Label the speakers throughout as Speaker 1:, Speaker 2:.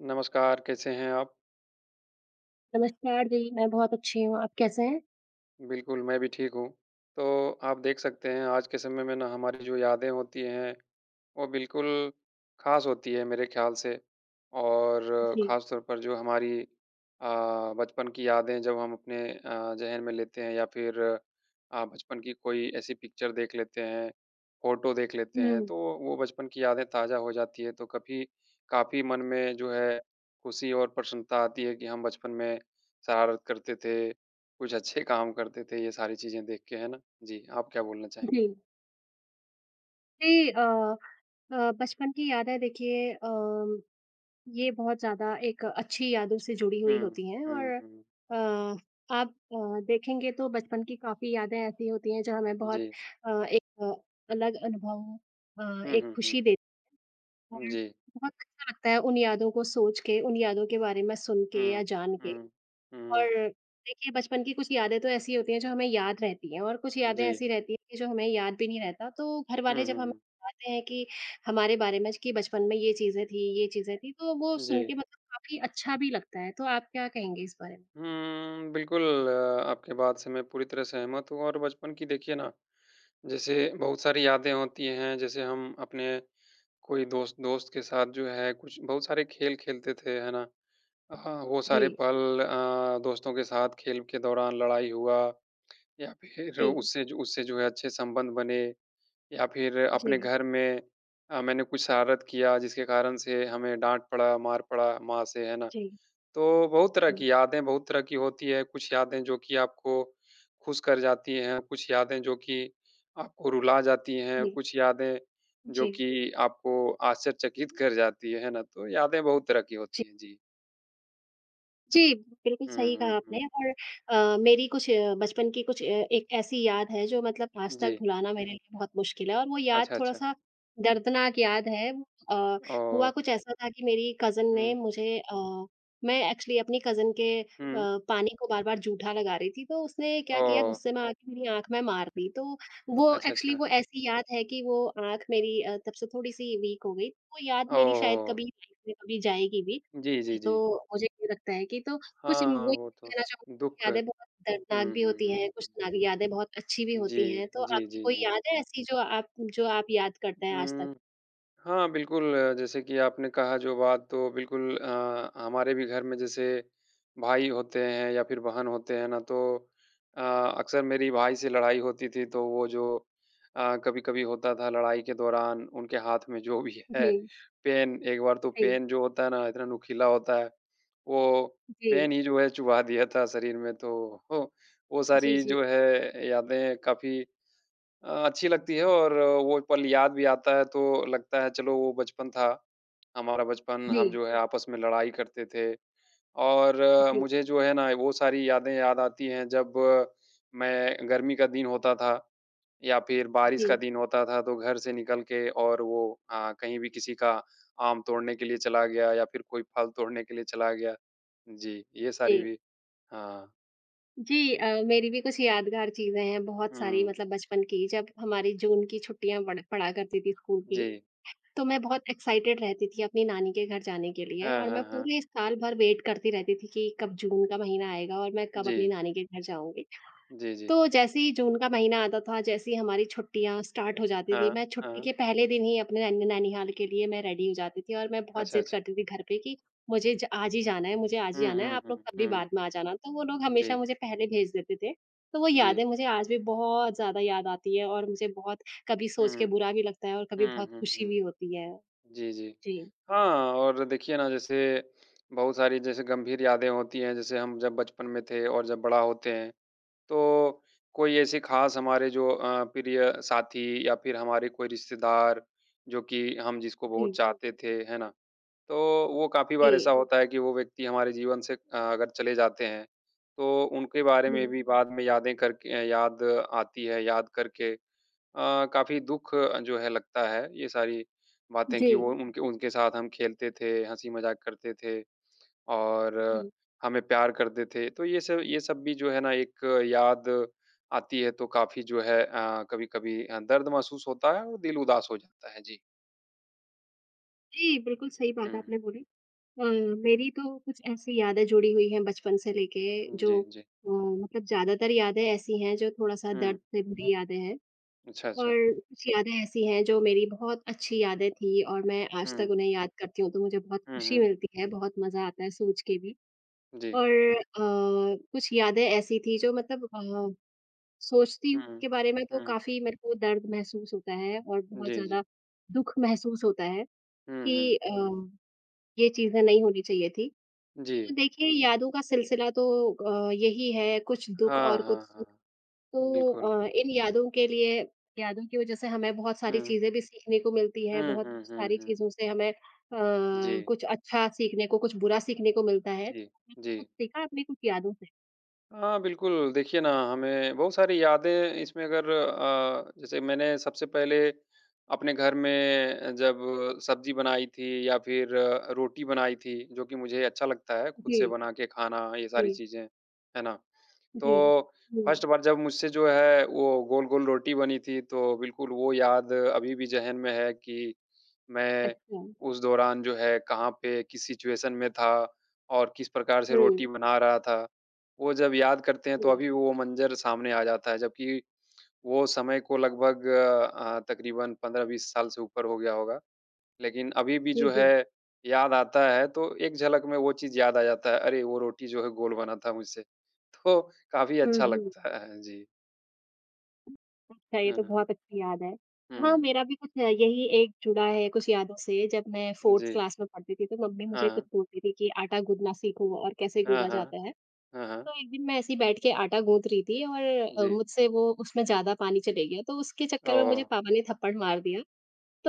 Speaker 1: नमस्कार, कैसे हैं आप?
Speaker 2: नमस्कार जी, मैं बहुत अच्छी हूँ, आप कैसे हैं?
Speaker 1: बिल्कुल, मैं भी ठीक हूँ। तो आप देख सकते हैं आज के समय में ना हमारी जो यादें होती हैं वो बिल्कुल ख़ास होती है, मेरे ख़्याल से। और
Speaker 2: जी।
Speaker 1: ख़ासतौर पर जो हमारी अ, बचपन की यादें जब हम अपने अ, ज़ेहन में लेते हैं या फिर अ, बचपन की कोई ऐसी पिक्चर देख लेते हैं, फोटो देख लेते हैं,
Speaker 2: हुँ।
Speaker 1: तो वो वो बचपन की यादें ताज़ा हो जाती है, तो कभी काफ़ी मन में जो है खुशी और प्रसन्नता आती है कि हम बचपन में शरारत करते थे, कुछ अच्छे काम करते थे, ये सारी चीज़ें देख के है ना? जी, आप क्या बोलना चाहेंगे?
Speaker 2: जी। जी, अ अ, बचपन की यादें देखिए अ, ये बहुत ज़्यादा एक अच्छी यादों से जुड़ी हुई
Speaker 1: हुँ।
Speaker 2: होती हैं
Speaker 1: हुँ,
Speaker 2: और
Speaker 1: हुँ।
Speaker 2: अ आप अ, देखेंगे तो बचपन की काफ़ी यादें ऐसी होती हैं जो हमें बहुत
Speaker 1: जी।
Speaker 2: अ, एक अलग अनुभव हाँ
Speaker 1: हुँ,
Speaker 2: एक
Speaker 1: हुँ, हुँ।
Speaker 2: खुशी देत हैं।
Speaker 1: जी।
Speaker 2: बहुत अच्छा लगता है उन यादों को सोच के, उन यादों के बारे में सुन के या
Speaker 1: हुँ।
Speaker 2: जान के।
Speaker 1: हुँ।
Speaker 2: और
Speaker 1: हुँ।
Speaker 2: देखिए बचपन की कुछ यादें तो, ऐसी होती हैं जो हमें याद रहती हैं और कुछ यादें
Speaker 1: जी।
Speaker 2: ऐसी रहती हैं कि, जो हमें याद भी नहीं रहता तो घर
Speaker 1: हुँ,
Speaker 2: वाले जब
Speaker 1: हुँ,
Speaker 2: हमें
Speaker 1: हुँ।
Speaker 2: बताते हैं कि हमारे बारे में कि बचपन में ये चीज़ें थी, ये चीज़ें थी। तो, वो सुन के
Speaker 1: जी।
Speaker 2: मतलब काफ़ी अच्छा भी लगता है, तो आप क्या कहेंगे इस बारे में?
Speaker 1: हुँ, बिल्कुल आपकी बात से मैं पूरी तरह सहमत हूँ और बचपन की देखिए ना जैसे बहुत सारी यादें होती हैं, जैसे हम अपने कोई दोस्त दोस्त के साथ जो है कुछ बहुत सारे खेल खेलते थे है ना। अ, वो सारे
Speaker 2: जी।
Speaker 1: पल अ, दोस्तों के साथ खेल के दौरान लड़ाई हुआ या फिर
Speaker 2: जी।
Speaker 1: उससे जो उससे जो है, अच्छे संबंध बने। या फिर अपने
Speaker 2: जी।
Speaker 1: घर में अ, मैंने कुछ शरारत किया जिसके कारण से हमें डाँट पड़ा, मार पड़ा माँ से, है ना?
Speaker 2: जी।
Speaker 1: तो बहुत तरह
Speaker 2: जी।
Speaker 1: की यादें बहुत तरह की होती है, कुछ यादें जो कि आपको खुश कर जाती हैं, कुछ यादें जो कि आपको रुला जाती हैं,
Speaker 2: जी।
Speaker 1: कुछ यादें जो
Speaker 2: जी।
Speaker 1: कि आपको आश्चर्यचकित कर जाती है, है ना? तो यादें बहुत तरह की
Speaker 2: जी।
Speaker 1: होती हैं। जी।
Speaker 2: जी, बिल्कुल
Speaker 1: हुँ,
Speaker 2: सही कहा
Speaker 1: हुँ,
Speaker 2: आपने
Speaker 1: हुँ।
Speaker 2: और अ, मेरी कुछ अ, बचपन की कुछ अ, एक ऐसी याद है जो मतलब आज तक
Speaker 1: जी।
Speaker 2: भुलाना मेरे लिए बहुत मुश्किल है और वो याद
Speaker 1: अच्छा, अच्छा।
Speaker 2: थोड़ा-सा दर्दनाक याद है। अ, हुआ
Speaker 1: ओह!
Speaker 2: कुछ ऐसा था कि मेरी कज़िन ने
Speaker 1: हुँ।
Speaker 2: मुझे अ, मैं एक्चुअली अपनी कज़िन के अ,
Speaker 1: हुँ।
Speaker 2: पानी को बार-बार जूठा लगा रही थी तो उसने क्या किया
Speaker 1: ओह!
Speaker 2: गुस्से में आकर मेरी आँख में मार दी। तो वो
Speaker 1: अच्छा,
Speaker 2: एक्चुअली
Speaker 1: अच्छा।
Speaker 2: वो ऐसी याद है कि वो, आँख मेरी अ, तब से थोड़ी-सी वीक हो गई वो याद
Speaker 1: ओह,
Speaker 2: मेरी शायद
Speaker 1: हो!
Speaker 2: कभी लाइफ़ में कभी जाएगी भी
Speaker 1: जी, जी,
Speaker 2: तो
Speaker 1: जी।
Speaker 2: मुझे ये लगता है कि तो कुछ
Speaker 1: हाँ,
Speaker 2: वही
Speaker 1: वो तो
Speaker 2: कहना चाहूँगी
Speaker 1: दुःख।
Speaker 2: यादें बहुत दर्दनाक
Speaker 1: हुँ,
Speaker 2: भी
Speaker 1: हुँ,
Speaker 2: होती
Speaker 1: हुँ।
Speaker 2: हैं, कुछ सारी यादें बहुत अच्छी भी होती हैं,
Speaker 1: जी।
Speaker 2: तो
Speaker 1: जी,
Speaker 2: आपकी
Speaker 1: जी,
Speaker 2: कोई
Speaker 1: जी।
Speaker 2: याद है ऐसी जो आप जो आप याद करते हैं आज तक?
Speaker 1: हुँ। हाँ, बिल्कुल अ, जैसे कि आपने कहा जो बात तो बिल्कुल अ अ, हमारे भी घर में जैसे भाई होते हैं या फिर बहन होते हैं ना तो अ, अक्सर मेरी भाई से लड़ाई होती थी तो वो जो अ, कभी-कभी होता था लड़ाई के दौरान उनके हाथ में जो भी है।
Speaker 2: जी।
Speaker 1: पेन एक बार तो
Speaker 2: सही।
Speaker 1: पेन जो होता है ना इतना नुकीला होता है वो पेन
Speaker 2: जी।
Speaker 1: ही जो है चुभा दिया था शरीर में तो वो
Speaker 2: जी,
Speaker 1: सारी
Speaker 2: जी।
Speaker 1: जो है यादें काफ़ी अ, अच्छी लगती है और अ, वो पल याद भी आता है तो लगता है चलो वो बचपन था। हमारा बचपन हम
Speaker 2: जी।
Speaker 1: जो है आपस में लड़ाई करते थे और
Speaker 2: जी।
Speaker 1: मुझे जो है ना वो सारी यादें याद आती हैं, जब मैं गर्मी का दिन होता था या फिर बारिश
Speaker 2: जी।
Speaker 1: का दिन होता था। तो घर से निकल के और वो हाँ, कहीं भी किसी का आम तोड़ने के लिए चला गया या फिर कोई फल तोड़ने के लिए चला गया। जी, ये सारी
Speaker 2: जी।
Speaker 1: भी हाँ।
Speaker 2: जी अ, मेरी भी कुछ यादगार चीज़ें हैं, बहुत सारी
Speaker 1: हुँ।
Speaker 2: मतलब बचपन की जब हमारी जून की छुट्टियाँ पड़ पड़ा करती थी स्कूल की,
Speaker 1: जी।
Speaker 2: तो मैं बहुत एक्साइटेड रहती थी अपनी नानी के घर जाने के लिए
Speaker 1: हाँ,
Speaker 2: और मैं
Speaker 1: हाँ, हाँ।
Speaker 2: पूरे साल भर वेट करती रहती थी कि, कब जून का महीना आएगा और मैं कब अपनी
Speaker 1: जी।
Speaker 2: नानी के घर जाऊँगी।
Speaker 1: जी, जी।
Speaker 2: तो जैसे ही जून का महीना आता था, जैसे ही हमारी छुट्टियाँ स्टार्ट हो जाती थी।
Speaker 1: हाँ।
Speaker 2: मैं छुट्टी
Speaker 1: हाँ।
Speaker 2: के पहले दिन ही अपने नै नैनीहाल के लिए मैं रेडी हो जाती थी और मैं बहुत
Speaker 1: अच्छा,
Speaker 2: ज़िद
Speaker 1: अच्छा।
Speaker 2: करती थी घर पे कि, मुझे ज आज ही जाना है, मुझे आज ही
Speaker 1: हुँ,
Speaker 2: जाना है
Speaker 1: हुँ,
Speaker 2: आप लोग
Speaker 1: हुँ,
Speaker 2: कभी
Speaker 1: हुँ।
Speaker 2: बाद में आ जाना। तो वो लोग हमेशा
Speaker 1: जी।
Speaker 2: मुझे पहले भेज देते थे, तो वो
Speaker 1: जी।
Speaker 2: यादें मुझे आज भी बहुत ज़्यादा याद आती है और मुझे बहुत कभी
Speaker 1: हुँ।
Speaker 2: सोच के बुरा भी लगता है और कभी
Speaker 1: हुँ,
Speaker 2: बहुत
Speaker 1: हुँ,
Speaker 2: खुशी
Speaker 1: हुँ।
Speaker 2: भी होती है।
Speaker 1: जी, जी।
Speaker 2: जी।
Speaker 1: हाँ, और देखिए ना जैसे बहुत सारी जैसे गंभीर यादें होती हैं, जैसे हम जब बचपन में थे और जब बड़ा होते हैं। तो कोई ऐसी ख़ास हमारे जो अ, प्रिय साथी या फिर हमारे कोई रिश्तेदार जो कि हम जिसको बहुत
Speaker 2: जी।
Speaker 1: चाहते थे, है ना? तो वो काफ़ी बार ऐसा
Speaker 2: जी।
Speaker 1: होता है कि वो व्यक्ति हमारे जीवन से अ अगर चले जाते हैं तो उनके बारे में
Speaker 2: हुँ।
Speaker 1: भी बाद में यादें करके याद आती है, याद करके अ, काफ़ी दुःख जो है लगता है ये सारी बातें की वो
Speaker 2: जी।
Speaker 1: उनके उनके साथ हम खेलते थे, हँसी मजाक करते थे और
Speaker 2: जी।
Speaker 1: हमें प्यार करते थे। तो ये सब ये सब भी जो है ना एक याद आती है तो काफ़ी जो है अ, कभी-कभी अ, दर्द महसूस होता है और दिल उदास हो जाता है। जी।
Speaker 2: जी। बिल्कुल, सही बात है
Speaker 1: हुँ।
Speaker 2: आपने बोली अ, मेरी तो कुछ ऐसी यादें जुड़ी हुई हैं बचपन से लेके
Speaker 1: उ, जी,
Speaker 2: जो
Speaker 1: जी।
Speaker 2: अ, मतलब ज़्यादातर यादें ऐसी हैं जो थोड़ा-सा
Speaker 1: हुँ।
Speaker 2: दर्द से भरी यादें हैं।
Speaker 1: अच्छा,
Speaker 2: और
Speaker 1: अच्छा।
Speaker 2: कुछ यादें ऐसी हैं जो मेरी बहुत अच्छी यादें थी और मैं आज तक
Speaker 1: हुँ।
Speaker 2: उन्हें याद करती हूँ, तो मुझे बहुत
Speaker 1: हुँ,
Speaker 2: खुशी
Speaker 1: हुँ।
Speaker 2: मिलती है, बहुत मज़ा आता है सोच के भी।
Speaker 1: जी।
Speaker 2: और अ, कुछ यादें ऐसी थी जो मतलब अ, सोचती हूँ
Speaker 1: हुँ।
Speaker 2: के बारे में तो
Speaker 1: हुँ।
Speaker 2: काफ़ी मेरे को दर्द महसूस होता है और बहुत
Speaker 1: जी,
Speaker 2: ज़्यादा
Speaker 1: जी।
Speaker 2: दुःख महसूस होता है
Speaker 1: हुँ, हुँ।
Speaker 2: कि अम ये चीज़ें नहीं होनी चाहिए थी। तो
Speaker 1: जी।
Speaker 2: देखिए यादों का सिलसिला तो अ, यही है, कुछ दुःख
Speaker 1: हाँ,
Speaker 2: और कुछ
Speaker 1: हाँ,
Speaker 2: सुख।
Speaker 1: हाँ।
Speaker 2: तो
Speaker 1: बिल्कुल।
Speaker 2: अ, इन यादों के लिए यादों की वज़ह से हमें बहुत सारी
Speaker 1: हुँ।
Speaker 2: चीज़ें भी सीखने को मिलती हैं,
Speaker 1: हुँ,
Speaker 2: बहुत
Speaker 1: हुँ, हुँ,
Speaker 2: सारी
Speaker 1: हुँ।
Speaker 2: चीज़ों से हमें अ,
Speaker 1: जी।
Speaker 2: कुछ अच्छा सीखने को, कुछ बुरा सीखने को मिलता है।
Speaker 1: जी।
Speaker 2: आपने कुछ
Speaker 1: जी।
Speaker 2: सीखा है, अपनी कुछ यादों से?
Speaker 1: हाँ बिल्कुल, देखिए ना हमें बहुत सारी यादें इसमें अगर अ, जैसे मैंने सबसे पहले अपने घर में जब सब्जी बनाई थी या फिर रोटी बनाई थी जो कि मुझे अच्छा लगता है खुद से
Speaker 2: जी।
Speaker 1: बना के खाना ये सारी
Speaker 2: जी।
Speaker 1: चीज़ें, है ना?
Speaker 2: जी।
Speaker 1: तो
Speaker 2: जी।
Speaker 1: फर्स्ट बार जब मुझसे जो है वो गोल-गोल रोटी बनी थी, तो बिल्कुल वो याद अभी भी ज़ेहन में है कि मैं
Speaker 2: अच्छा।
Speaker 1: उस दौरान जो है कहाँ पे किस सिचुएशन में था और किस प्रकार से रोटी
Speaker 2: हुँ।
Speaker 1: बना रहा था। वो जब याद करते हैं तो
Speaker 2: जी।
Speaker 1: अभी वो मंजर सामने आ जाता है। जबकि वो समय को लगभग अ, तकरीबन 15-20 साल से ऊपर हो गया होगा। लेकिन अभी भी
Speaker 2: जी,
Speaker 1: जो
Speaker 2: जी।
Speaker 1: है, याद आता है तो एक झलक में वो चीज याद आ जाता है। अरे! वो रोटी जो है गोल बना था मुझसे तो काफ़ी
Speaker 2: हुँ,
Speaker 1: अच्छा
Speaker 2: हुँ।
Speaker 1: लगता है। जी। अ,
Speaker 2: ये तो
Speaker 1: हाँ, हाँ।
Speaker 2: बहुत अच्छी याद है। हाँ,
Speaker 1: हुँ।
Speaker 2: मेरा भी कुछ यही एक जुड़ा है, कुछ यादों से। जब मैं 4th
Speaker 1: जी।
Speaker 2: क्लास में पढ़ती थी तो मम्मी मुझे कुछ
Speaker 1: हाँ।
Speaker 2: बोलती थी, कि आटा गूँथना सीखो और कैसे
Speaker 1: हाँ,
Speaker 2: गूँथा
Speaker 1: हाँ।
Speaker 2: जाता है।
Speaker 1: हाँ, हाँ।
Speaker 2: तो एक दिन मैं ऐसे ही बैठ के आटा गूँथ रही थी और अ,
Speaker 1: जी।
Speaker 2: मुझसे वो उसमें ज़्यादा पानी चले गया, तो उसके चक्कर में मुझे
Speaker 1: ओह!
Speaker 2: पापा ने थप्पड़ मार दिया।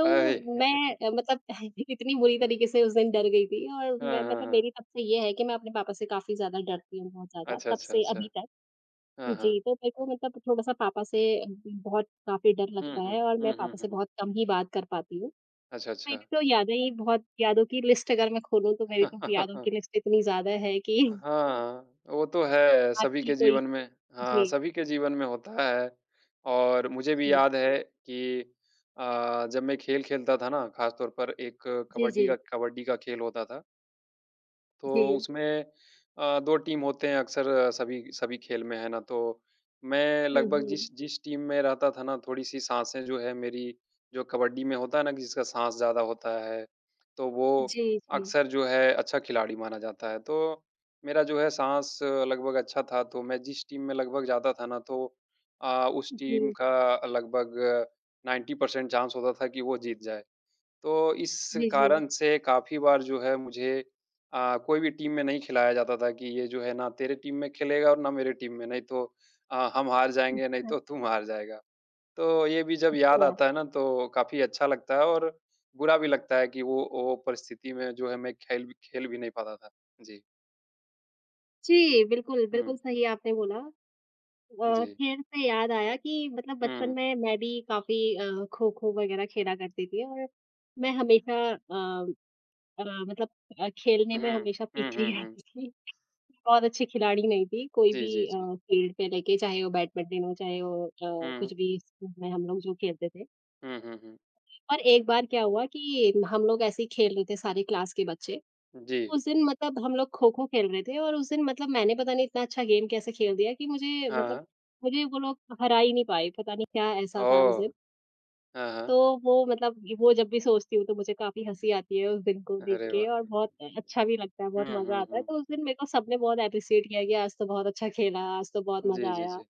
Speaker 1: अरे!
Speaker 2: मैं अ, मतलब अह, इतनी बुरी
Speaker 1: हाँ।
Speaker 2: तरीके से उस दिन डर गई थी और मैं
Speaker 1: हाँ, हाँ,
Speaker 2: मतलब
Speaker 1: हाँ।
Speaker 2: मेरी तब से ये है कि मैं अपने पापा से काफ़ी ज़्यादा डरती हूँ बहुत ज़्यादा,
Speaker 1: अच्छा,
Speaker 2: तब
Speaker 1: अच्छा,
Speaker 2: से अभी
Speaker 1: अच्छा।
Speaker 2: तक
Speaker 1: हाँ, हाँ।
Speaker 2: जी। तो मेरे को मतलब थोड़ा-सा पापा से अभी भी बहुत काफ़ी डर लगता
Speaker 1: हुँ, हुँ।
Speaker 2: है और मैं
Speaker 1: हुँ,
Speaker 2: पापा
Speaker 1: हुँ,
Speaker 2: से
Speaker 1: हुँ।
Speaker 2: बहुत कम ही बात कर पाती हूँ।
Speaker 1: अच्छा,
Speaker 2: मेरी
Speaker 1: अच्छा।
Speaker 2: तो यादें ही बहुत यादों की लिस्ट अगर मैं खोलूँ तो मेरी तो यादों की लिस्ट इतनी ज़्यादा है कि
Speaker 1: हाँ, वो तो है सभी
Speaker 2: आपकी
Speaker 1: के
Speaker 2: कोई
Speaker 1: जीवन में हाँ,
Speaker 2: जी।
Speaker 1: सभी के जीवन में होता है। और मुझे भी
Speaker 2: जी।
Speaker 1: याद है कि अ, जब मैं खेल खेलता था ना ख़ासतौर पर एक
Speaker 2: जी,
Speaker 1: कबड्डी
Speaker 2: जी।
Speaker 1: का कबड्डी का खेल होता था। तो
Speaker 2: जी।
Speaker 1: उसमें अ, 2 टीम होते हैं अक्सर सभी सभी खेल में है ना तो मैं
Speaker 2: हुँ,
Speaker 1: लगभग
Speaker 2: हुँ।
Speaker 1: जिस जिस टीम में रहता था ना थोड़ी-सी साँसें जो है मेरी जो कबड्डी में होता है ना जिसका साँस ज़्यादा होता है, तो वो
Speaker 2: जी, जी।
Speaker 1: अक्सर जो है अच्छा खिलाड़ी माना जाता है। तो मेरा जो है साँस लगभग अच्छा था तो मैं जिस टीम में लगभग जाता था ना तो अ, उस टीम
Speaker 2: जी।
Speaker 1: का लगभग 90 परसेंट चांस होता था कि वो जीत जाए। तो इस
Speaker 2: जी, जी।
Speaker 1: कारण से काफ़ी बार जो है मुझे अ, कोई भी टीम में नहीं खिलाया जाता था कि, ये जो है ना तेरे टीम में खेलेगा और ना मेरे टीम में, नहीं तो अ, हम हार जाएँगे, नहीं
Speaker 2: अच्छा।
Speaker 1: तो तुम हार जाएगा। तो ये भी जब याद
Speaker 2: अच्छा।
Speaker 1: आता है ना तो काफ़ी अच्छा लगता है और बुरा भी लगता है कि वो वो परिस्थिति में जो है मैं खेल भी खेल भी नहीं पाता था। जी।
Speaker 2: जी। बिल्कुल, बिल्कुल
Speaker 1: हुँ।
Speaker 2: सही आपने बोला अ,
Speaker 1: जी।
Speaker 2: खेल से याद आया कि मतलब बचपन
Speaker 1: हुँ।
Speaker 2: में मैं भी काफ़ी अ, खो-खो वग़ैरह खेला करती थी और मैं हमेशा अ अ, मतलब अ, खेलने में
Speaker 1: हुँ।
Speaker 2: हमेशा
Speaker 1: हुँ,
Speaker 2: पीछे ही
Speaker 1: हुँ, हुँ।
Speaker 2: आती थी। बहुत अच्छी खिलाड़ी नहीं थी कोई
Speaker 1: जी,
Speaker 2: भी
Speaker 1: जी, जी।
Speaker 2: अ, फ़ील्ड पे लेके चाहे वो बैडमिंटन हो, चाहे वो अ, कुछ
Speaker 1: हुँ।
Speaker 2: भी स्कूल में हम लोग जो खेलते थे।
Speaker 1: हुँ, हुँ, हुँ।
Speaker 2: और एक बार क्या हुआ कि हम लोग ऐसे ही खेल रहे थे सारे क्लास के बच्चे तो
Speaker 1: जी।
Speaker 2: उस दिन मतलब हम लोग खो-खो खेल रहे थे। और उस दिन मतलब मैंने पता नहीं इतना अच्छा गेम कैसे खेल दिया, कि मुझे मतलब
Speaker 1: हाँ।
Speaker 2: मुझे वो लोग हरा ही नहीं पाएँ। पता नहीं क्या ऐसा था उस दिन।
Speaker 1: ओह! हाँ,
Speaker 2: तो
Speaker 1: हाँ।
Speaker 2: वो मतलब वो जब भी सोचती हूँ, तो मुझे काफ़ी हँसी आती है उस दिन को देख
Speaker 1: अरे,
Speaker 2: के
Speaker 1: वाह!
Speaker 2: और बहुत अच्छा भी लगता है, बहुत
Speaker 1: हुँ,
Speaker 2: मज़ा
Speaker 1: हुँ,
Speaker 2: आता है।
Speaker 1: हुँ।
Speaker 2: तो उस दिन मेरे को सबने बहुत एप्रिशिएट किया है कि आज तो बहुत अच्छा खेला, आज तो बहुत
Speaker 1: जी,
Speaker 2: मज़ा
Speaker 1: जी,
Speaker 2: आया।
Speaker 1: जी।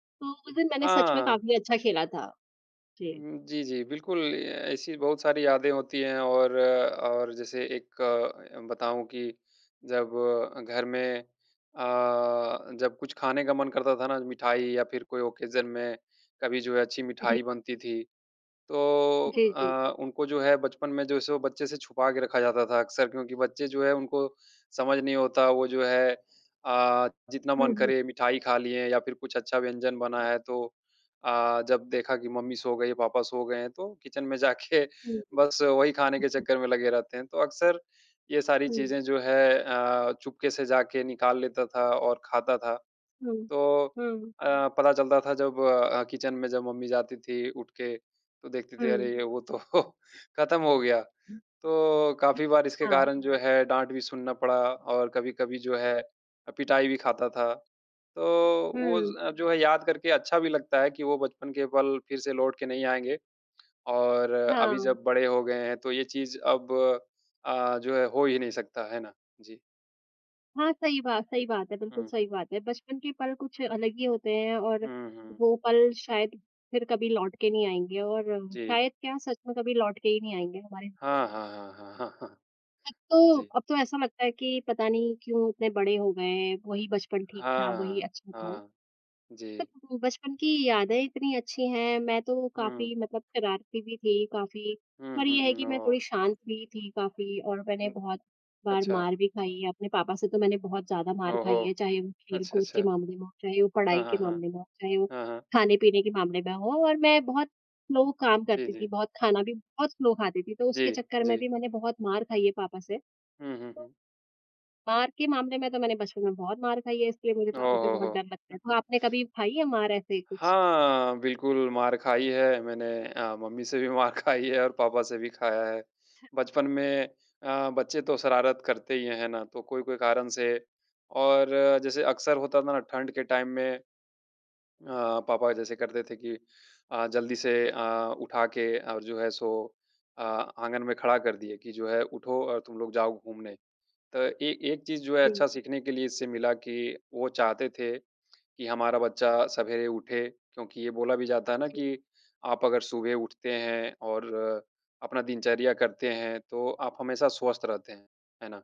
Speaker 2: तो उस दिन मैंने सच में
Speaker 1: हाँ।
Speaker 2: काफ़ी अच्छा खेला था। जी।
Speaker 1: उहुँ, जी, जी। बिल्कुल ए ऐसी बहुत सारी यादें होती हैं और, और जैसे एक बताऊँ कि जब घर में अ, जब कुछ खाने का मन करता था ना मिठाई या फिर कोई ऑकेज़न में कभी जो है अच्छी
Speaker 2: जी।
Speaker 1: मिठाई बनती थी। तो
Speaker 2: जी, जी।
Speaker 1: अ, उनको जो है बचपन में जो सो बच्चे से छुपा के रखा जाता था अक्सर क्योंकि बच्चे जो है उनको समझ नहीं होता वो जो है अ, जितना
Speaker 2: हुँ,
Speaker 1: मन
Speaker 2: हुँ।
Speaker 1: करें मिठाई खा लिए या फिर कुछ अच्छा व्यंजन बना है, तो अ, जब देखा कि मम्मी सो गईं, पापा सो गए हैं तो किचन में जाके
Speaker 2: हुँ,
Speaker 1: बस वही खाने के
Speaker 2: हुँ।
Speaker 1: चक्कर में लगे रहते हैं। तो अक्सर ये सारी
Speaker 2: हुँ।
Speaker 1: चीज़ें जो है अ, चुपके से जाके निकाल लेता था और खाता था।
Speaker 2: हुँ,
Speaker 1: तो
Speaker 2: हाँ।
Speaker 1: अ, पता चलता था जब किचन में जब मम्मी जाती थी उठ के तो देखती थी
Speaker 2: हुँ।
Speaker 1: अरे! वो तो खत्म हो गया।
Speaker 2: हुँ।
Speaker 1: तो काफ़ी बार इसके
Speaker 2: हाँ।
Speaker 1: कारण जो है, डाँट भी सुनना पड़ा और कभी-कभी जो है अ, पिटाई भी खाता था। तो वो
Speaker 2: हुँ।
Speaker 1: ज जो है याद करके अच्छा भी लगता है, कि वो बचपन के पल फिर से लौट के नहीं आएँगे। और अभी
Speaker 2: हाँ।
Speaker 1: जब बड़े हो गए हैं तो ये चीज़ अब अ, जो है हो ही नहीं सकता है ना? जी।
Speaker 2: हाँ, सही बात सही बात है, बिल्कुल
Speaker 1: हुँ।
Speaker 2: सही बात है। बचपन के पल कुछ अलग ही होते हैं और
Speaker 1: हुँ, हुँ।
Speaker 2: वो पल शायद फिर कभी लौट के नहीं आएँगे और
Speaker 1: जी।
Speaker 2: शायद क्या सच में कभी लौट के ही नहीं आएँगे हमारी ज़िंदगी में।
Speaker 1: हाँ, हाँ, हाँ, हाँ।
Speaker 2: अब तो
Speaker 1: जी।
Speaker 2: अब तो ऐसा लगता है कि पता नहीं क्यों इतने बड़े हो गए हैं, वही बचपन ठीक था, वही
Speaker 1: हाँ।
Speaker 2: अच्छा था।
Speaker 1: हाँ। जी।
Speaker 2: [unintelligible] बचपन की यादें इतनी अच्छी हैं। मैं तो
Speaker 1: हुँ।
Speaker 2: काफ़ी मतलब शरारती भी थी काफ़ी
Speaker 1: हुँ,
Speaker 2: पर
Speaker 1: हुँ,
Speaker 2: ये है
Speaker 1: हुँ।
Speaker 2: कि मैं
Speaker 1: ओह!
Speaker 2: थोड़ी शांत हुई थी काफ़ी और मैंने
Speaker 1: उम,
Speaker 2: बहुत बार
Speaker 1: अच्छा।
Speaker 2: मार भी खाई है। अपने पापा से तो मैंने बहुत ज़्यादा मार
Speaker 1: ओहो।
Speaker 2: खाई है, चाहे वो
Speaker 1: अच्छा,
Speaker 2: खेल-कूद के
Speaker 1: अच्छा।
Speaker 2: मामले में हो, चाहे वो
Speaker 1: हाँ,
Speaker 2: पढ़ाई के
Speaker 1: हाँ, हाँ।
Speaker 2: मामले में हो, चाहे वो
Speaker 1: हाँ, हाँ।
Speaker 2: खाने-पीने के मामले में हो और मैं बहुत स्लो काम
Speaker 1: जी,
Speaker 2: करती थी
Speaker 1: जी।
Speaker 2: बहुत, खाना भी बहुत स्लो खाती थी तो
Speaker 1: जी।
Speaker 2: उसके चक्कर में
Speaker 1: जी।
Speaker 2: भी मैंने बहुत मार खाई है पापा से।
Speaker 1: हुँ, हुँ,
Speaker 2: तो
Speaker 1: हुँ।
Speaker 2: मार के मामले में तो मैंने बचपन में बहुत मार खाई है, इसलिए मुझे
Speaker 1: ओह
Speaker 2: पापा से
Speaker 1: हो,
Speaker 2: बहुत डर
Speaker 1: हो!
Speaker 2: लगता है, तो आपने कभी खाई है मार ऐसे कुछ?
Speaker 1: हाँ, बिल्कुल मार खाई है मैंने अ, मम्मी से भी मार खाई है और पापा से भी खाया है। बचपन में अ, बच्चे तो शरारत करते ही है, हैं ना, तो कोई-कोई कारण से और जैसे अक्सर होता था ना ठंड के टाइम में अ, पापा जैसे करते थे कि अ, जल्दी से अ, उठा के और जो है सो अ आँगन में खड़ा कर दिए कि जो है उठो और तुम लोग जाओ घूमने। तो ए एक चीज़ जो है
Speaker 2: जी।
Speaker 1: अच्छा सीखने के लिए इससे मिला कि, वो चाहते थे कि हमारा बच्चा सवेरे उठे क्योंकि ये बोला भी जाता है ना
Speaker 2: जी।
Speaker 1: कि आप अगर सुबह उठते हैं और अपना दिनचर्या करते हैं, तो आप हमेशा स्वस्थ रहते हैं। है ना?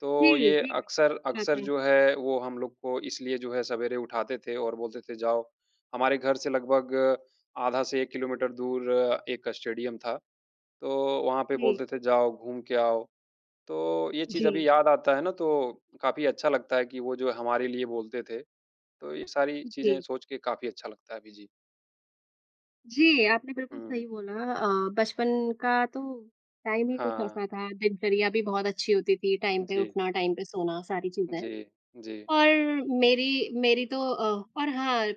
Speaker 1: तो
Speaker 2: जी,
Speaker 1: ये
Speaker 2: जी, जी।
Speaker 1: अक्सर, अक्सर
Speaker 2: [unintelligible]
Speaker 1: जो है वो हम लोग को इसलिए जो है सवेरे उठाते थे और बोलते थे जाओ हमारे घर से लगभग आधा से 1 किलोमीटर दूर एक स्टेडियम था, तो वहाँ पे
Speaker 2: जी।
Speaker 1: बोलते थे, जाओ घूम के आओ। तो ये चीज़
Speaker 2: जी।
Speaker 1: अभी याद आता है ना, तो काफ़ी अच्छा लगता है कि वो जो हमारे लिए बोलते थे, तो ये सारी चीज़ें
Speaker 2: जी।
Speaker 1: सोच के काफ़ी अच्छा लगता है अभी, जी।
Speaker 2: जी, आपने बिल्कुल
Speaker 1: हुँ।
Speaker 2: सही बोला अ, बचपन का तो टाइम ही कुछ
Speaker 1: हाँ।
Speaker 2: ऐसा था। दिनचर्या भी बहुत अच्छी होती थी, टाइम पे
Speaker 1: जी।
Speaker 2: उठना, टाइम पे सोना सारी चीज़ें।
Speaker 1: जी, जी।
Speaker 2: और मेरी मेरी तो अ और हाँ अ,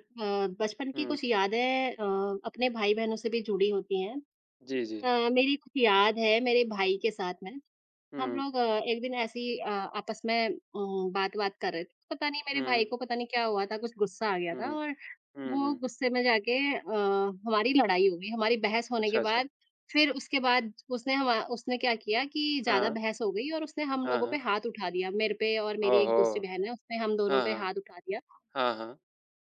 Speaker 2: बचपन की
Speaker 1: हुँ।
Speaker 2: कुछ यादें अ अपने भाई-बहनों से भी जुड़ी होती हैं।
Speaker 1: जी, जी।
Speaker 2: अ, मेरी कुछ याद है मेरे भाई के साथ है, हम
Speaker 1: हुँ।
Speaker 2: लोग अ, एक दिन ऐसी ही अ आपस में अ, बात-वात कर रहे थे, पता नहीं मेरे भाई
Speaker 1: हुँ।
Speaker 2: को पता नहीं क्या हुआ था, कुछ गुस्सा आ गया था
Speaker 1: हुँ।
Speaker 2: और
Speaker 1: हुँ,
Speaker 2: वो
Speaker 1: हुँ।
Speaker 2: गुस्से में जाके अ, हमारी लड़ाई हो गई। हमारी बहस होने के
Speaker 1: अच्छा, अच्छा।
Speaker 2: बाद फिर उसके बाद उसने हमा उसने क्या किया कि ज़्यादा
Speaker 1: हाँ।
Speaker 2: बहस हो गई और उसने हम
Speaker 1: हाँ,
Speaker 2: लोगों पे
Speaker 1: हाँ।
Speaker 2: हाथ उठा दिया, मेरे पे और मेरी
Speaker 1: ओह
Speaker 2: एक
Speaker 1: हो!
Speaker 2: दूसरी बहन है, उसने हम दोनों
Speaker 1: हाँ,
Speaker 2: पे
Speaker 1: हाँ।
Speaker 2: हाथ उठा दिया।
Speaker 1: हाँ, हाँ।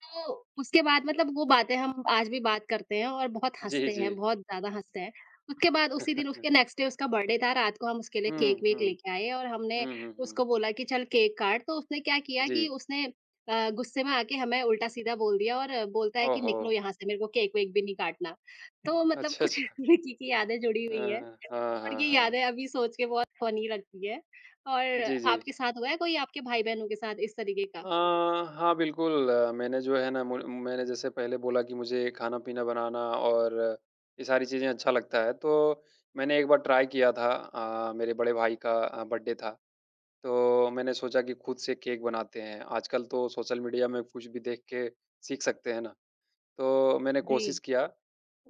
Speaker 2: तो उसके बाद मतलब वो बातें हम आज भी बात करते हैं और बहुत
Speaker 1: जी,
Speaker 2: हँसते हैं,
Speaker 1: जी।
Speaker 2: बहुत ज़्यादा हँसते हैं। उसके बाद उसी दिन उसके नेक्स्ट डे उसका बर्थडे था, रात को हम उसके लिए
Speaker 1: हुँ,
Speaker 2: केक-वेक
Speaker 1: हुँ।
Speaker 2: लेके आए और हमने
Speaker 1: हुँ, हुँ, हुँ।
Speaker 2: उसको बोला कि चल केक काट, तो उसने क्या किया कि
Speaker 1: जी।
Speaker 2: उसने अ, गुस्से में आके हमें उल्टा-सीधा बोल दिया और बोलता है
Speaker 1: ओह
Speaker 2: कि निकलो
Speaker 1: हो!
Speaker 2: यहाँ से, मेरे को केक-वेक भी नहीं काटना तो मतलब
Speaker 1: अच्छा,
Speaker 2: कुछ
Speaker 1: अच्छा।
Speaker 2: विक्की की यादें जुड़ी
Speaker 1: अ,
Speaker 2: हुई हैं
Speaker 1: हाँ। हाँ,
Speaker 2: और
Speaker 1: हाँ,
Speaker 2: ये यादें
Speaker 1: हाँ।
Speaker 2: अभी सोच के बहुत फ़नी लगती है और
Speaker 1: जी, जी।
Speaker 2: आपके साथ हुआ है कोई आपके भाई-बहनों के साथ इस तरीक़े
Speaker 1: अ,
Speaker 2: का?
Speaker 1: हाँ बिल्कुल, मैंने जो है ना मु मैंने जैसे पहले बोला कि मुझे खाना-पीना बनाना और ये सारी चीज़ें अच्छा लगता है। तो मैंने एक बार ट्राई किया था अ, मेरे बड़े भाई का अ, बर्थडे था। तो मैंने सोचा कि खुद से केक बनाते हैं, आजकल तो सोशल मीडिया में कुछ भी देख के सीख सकते है ना? तो मैंने कोशिश
Speaker 2: जी।
Speaker 1: किया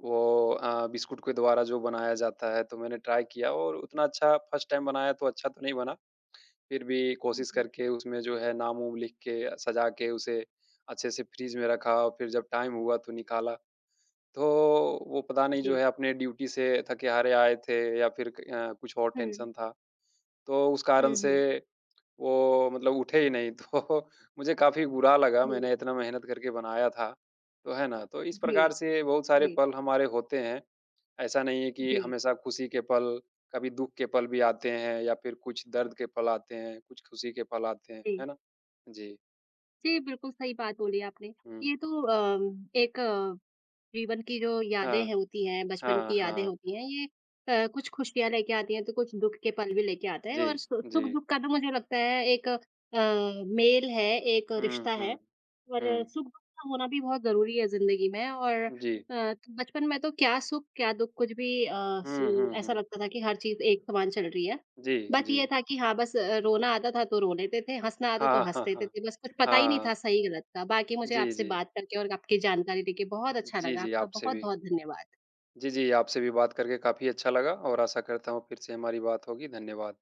Speaker 1: वो अ, बिस्कुट के द्वारा जो बनाया जाता है तो मैंने ट्राई किया और उतना अच्छा फर्स्ट टाइम बनाया तो अच्छा तो नहीं बना, फिर भी
Speaker 2: उ
Speaker 1: कोशिश
Speaker 2: जी।
Speaker 1: करके उसमें जो है नाम-वुम लिख के सज़ा के उसे, अच्छे से फ़्रिज़ में रखा और फिर जब टाइम हुआ तो निकाला। तो वो पता नहीं जो है
Speaker 2: जी।
Speaker 1: अपने ड्यूटी से थके हारे आए थे या फिर क अ, कुछ और
Speaker 2: हुँ।
Speaker 1: टेंशन था तो उस कारण
Speaker 2: हुँ,
Speaker 1: से
Speaker 2: हुँ।
Speaker 1: वो मतलब उठे ही नहीं तो मुझे काफ़ी बुरा लगा,
Speaker 2: जी।
Speaker 1: मैंने इतना मेहनत करके बनाया था तो है ना? तो इस
Speaker 2: जी,
Speaker 1: प्रकार से बहुत सारे
Speaker 2: जी।
Speaker 1: पल हमारे होते हैं, ऐसा नहीं है कि
Speaker 2: जी।
Speaker 1: हमेशा खुशी के पल, कभी दुःख के पल भी आते हैं या फिर कुछ दर्द के पल आते हैं, कुछ खुशी के पल आते हैं,
Speaker 2: जी।
Speaker 1: है ना? जी।
Speaker 2: जी, बिल्कुल, सही बात बोली आपने।
Speaker 1: हुँ।
Speaker 2: ये तो अ, एक जीवन की जो
Speaker 1: हाँ।
Speaker 2: यादें होती हैं, बचपन
Speaker 1: हाँ,
Speaker 2: की यादें
Speaker 1: हाँ।
Speaker 2: होती हैं, ये अ, कुछ खुशियाँ लेके आती हैं तो कुछ दुःख के पल भी लेके आते हैं और
Speaker 1: जी,
Speaker 2: सु
Speaker 1: जी।
Speaker 2: सुख-दुःख का तो मुझे लगता है एक अ, मेल है, एक
Speaker 1: हुँ,
Speaker 2: रिश्ता है
Speaker 1: हुँ।
Speaker 2: और
Speaker 1: हुँ।
Speaker 2: सुख-दुःख का होना भी बहुत ज़रूरी है ज़िंदगी में और अ,
Speaker 1: जी।
Speaker 2: तो बचपन में तो क्या सुख? क्या दुःख? कुछ भी अ,
Speaker 1: हुँ,
Speaker 2: सु
Speaker 1: हुँ,
Speaker 2: ऐसा
Speaker 1: हुँ।
Speaker 2: लगता था कि हर चीज़ एक समान चल रही है।
Speaker 1: जी,
Speaker 2: बाकी ये
Speaker 1: जी।
Speaker 2: था कि हाँ, बस रोना आता था तो रो लेते थे, हँसना आता तो
Speaker 1: हाँ,
Speaker 2: हँस
Speaker 1: हाँ,
Speaker 2: देते
Speaker 1: हाँ।
Speaker 2: थे, बस कुछ पता ही नहीं था
Speaker 1: हाँ।
Speaker 2: सही-गलत का। बाकी मुझे
Speaker 1: जी,
Speaker 2: आपसे
Speaker 1: जी।
Speaker 2: बात करके और आपकी जानकारी देके बहुत अच्छा
Speaker 1: जी,
Speaker 2: लगा,
Speaker 1: जी,
Speaker 2: आपका
Speaker 1: आपसे भी
Speaker 2: बहुत-बहुत धन्यवाद।
Speaker 1: जी, जी, आपसे भी बात करके काफ़ी अच्छा लगा और आशा करता हूँ फिर से हमारी बात होगी। धन्यवाद।